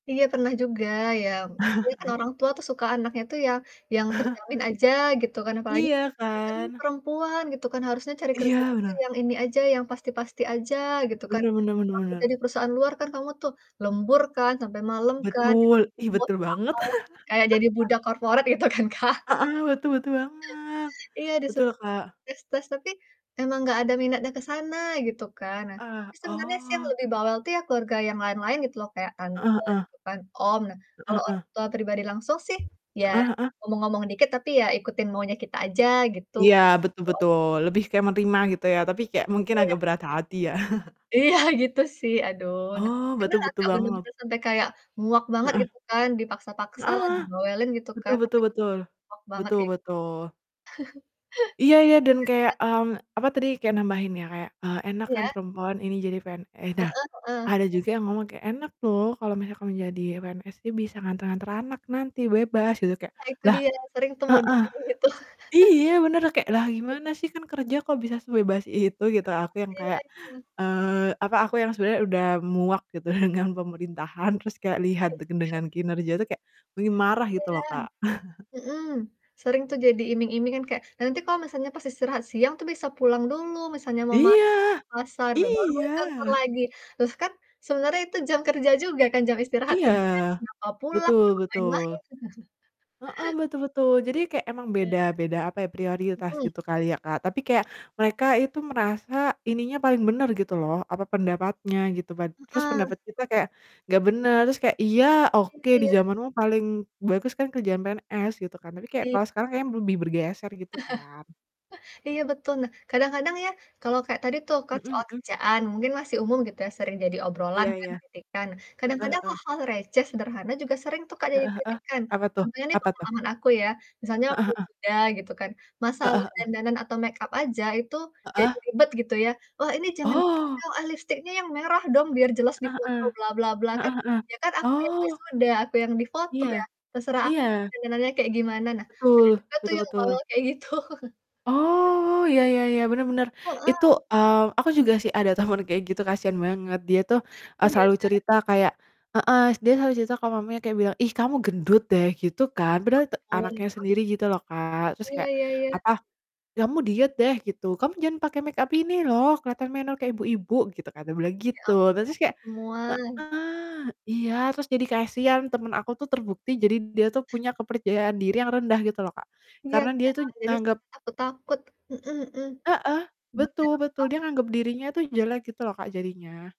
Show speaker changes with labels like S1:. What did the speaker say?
S1: Iya pernah juga ya pasti kan orang tua tuh suka anaknya itu yang yang terjamin aja gitu kan apalagi,
S2: Iya
S1: kita nih
S2: kan?
S1: perempuan gitu kan harusnya cari kerjaan
S2: Iya
S1: itu
S2: bener.
S1: yang ini aja, yang pasti-pasti aja gitu kan,
S2: Bener bener bener
S1: kalau kerja
S2: bener.
S1: di perusahaan luar kan kamu tuh lembur kan sampe malem kan, sampai malam
S2: Betul, ih,
S1: lembur
S2: betul
S1: lah,
S2: banget.
S1: apalah, kayak jadi budak corporate gitu kan, Kak.
S2: Heeh, betul betul banget,
S1: Iya di seb
S2: betul, Kak.
S1: tes-tes tapi, emang gak ada minatnya ke sana gitu kan, nah,
S2: Ah,
S1: sebenarnya sih yang
S2: oh.
S1: lebih bawel tuh ya keluarga yang lain-lain gitu loh, kayak
S2: Heeh
S1: tante
S2: heeh.
S1: gitu kan, om. Nah
S2: Heeh
S1: kalau orang
S2: heeh.
S1: tua pribadi langsung sih ya
S2: Heeh heeh.
S1: ngomong-ngomong dikit tapi ya ikutin maunya kita aja gitu.
S2: Iya betul betul,
S1: [unintelligible]
S2: lebih kayak menerima gitu ya, tapi kayak mungkin
S1: Iya.
S2: agak berat hati ya.
S1: Iya gitu sih aduh, nah
S2: Oh betul
S1: beneran
S2: betul
S1: Kak
S2: banget.
S1: benar-benar sampai kayak muak banget
S2: Heeh.
S1: gitu kan, dipaksa-paksa lah,
S2: Heeh,
S1: dibawelin gitu
S2: betul
S1: kan tapi
S2: betul betul,
S1: [unintelligible] muak banget,
S2: betul
S1: kayak gitu.
S2: betul. Iya iya dan kayak,
S1: [unintelligible]
S2: mmm, apa tadi, kayak nambahin ya, kayak, eee,"Enak kan
S1: Iya.
S2: perempuan ini jadi PNS." Nah,
S1: Heeh heeh.
S2: ada juga yang ngomong kayak, "Enak loh kalau misalkan menjadi PNS nih, bisa nganter-nganter anak nanti, bebas gitu," kayak,
S1: Ah, itu
S2: lah
S1: dia, sering tuh mode
S2: heeh,
S1: kayak gitu.
S2: iya bener, lah kayak lah
S1: E
S2: gimana sih kan kerja kok bisa sebebas itu gitu,
S1: Ah
S2: aku yang
S1: iya
S2: kayak,
S1: itu.
S2: eee, apa aku yang sebenernya udah muak gitu dengan pemerintahan, terus kayak
S1: Oh
S2: lihat
S1: gitu.
S2: dengan kinerja tuh kayak, pengin marah
S1: Iya,
S2: gitu loh Kak.
S1: mhm, sering tuh jadi iming-iming kan kayak, "Nanti kalau misalnya pas istirahat siang tuh bisa pulang dulu, misalnya mau masak, ke
S2: Iya!
S1: pasar, ba baru balik ke kantor
S2: iya.
S1: lagi," terus kan, sebenarnya itu jam kerja juga kan, jam istirahat
S2: Iya,
S1: kerja, kenapa pulang
S2: betul
S1: ngapain
S2: betul,
S1: lagi tuh.
S2: heeh, betul betul, jadi kayak emang
S1: Iya,
S2: beda beda apa ya prioritas
S1: mhm.
S2: gitu kali ya Kak, tapi kayak mereka itu merasa ininya paling bener gitu loh, apa, pendapatnya gitu pad terus
S1: Mhm.
S2: pendapat kita kayak, gak bener terus kayak, iya,
S1: Iya
S2: oke, di
S1: iya.
S2: zamanmu paling bagus kan kerjaan PNS gitu kan, tapi kayak
S1: Iya.
S2: kalau sekarang kayaknya lebih bergeser gitu kan.
S1: Iya betul, nah, kadang-kadang ya kalau kayak tadi tuh, kan
S2: Mhm
S1: soal
S2: mhm.
S1: kerjaan, mungkin masih umum gitu ya sering jadi obrolan
S2: Iya
S1: kan,
S2: iya,
S1: kritikan,
S2: heeh
S1: kadang-kadang
S2: heeh.
S1: hal-hal receh sederhana juga sering tuh Kak jadi
S2: Heeh heeh,
S1: kritikan.
S2: apa tuh
S1: Contohnya nih
S2: apa tuh?
S1: pengalaman aku ya, misalnya
S2: Heeh
S1: waktu
S2: heeh.
S1: wisuda gitu kan.
S2: Heeh
S1: Masalah
S2: heeh.
S1: dandanan atau make up aja itu jadi
S2: Heeh.
S1: ribet gitu ya, "Wah ini jangan gini
S2: Oh.
S1: dong, ah, lipstiknya yang merah dong biar jelas di
S2: Heeh
S1: foto,
S2: heeh,
S1: bla bla bla." Kan,
S2: heeh heeh,
S1: ya kan aku yang
S2: oh.
S1: wisuda, aku yang difoto ya,
S2: Iya,
S1: terserah aku dong
S2: iya.
S1: dandanannya kayak gimana. Nah
S2: Betul,
S1: ada juga tuh
S2: betul
S1: yang bawel
S2: betul.
S1: kayak gitu.
S2: Oh, iya iya iya, bener bener,
S1: Heeh.
S2: itu mmm, aku juga sih ada temen kayak gitu kasian banget dia tuh, eee,
S1: Iya
S2: selalu
S1: kan.
S2: cerita kayak heeh, dia selalu cerita ke mamanya kayak bilang, "Ih, kamu gendut deh," gitu kan
S1: Ya
S2: padahal te
S1: ampun,
S2: anaknya
S1: terus?
S2: sendiri gitu loh Kak, terus
S1: Iya
S2: kayak
S1: iya iya.
S2: apa, "Kamu diet deh," gitu. "Kamu jangan pakai make up ini loh keliatan menor kayak ibu-ibu," gitu kan, dia bilang
S1: Ya
S2: gitu.
S1: ampun
S2: Nah terus tuh
S1: ya,
S2: kayak
S1: semua.
S2: heeh, iya terus jadi kasian, temen aku tuh terbukti jadi dia tuh punya kepercayaan diri yang rendah gitu loh Kak,
S1: Iya
S2: karena dia tuh
S1: kan jadi [unintelligible]
S2: anggap
S1: takut-takut, mhm
S2: Heeh,
S1: mhm.
S2: betul betul,
S1: [unintelligible]
S2: dia nganggep dirinya itu jelek gitu loh Kak jadinya.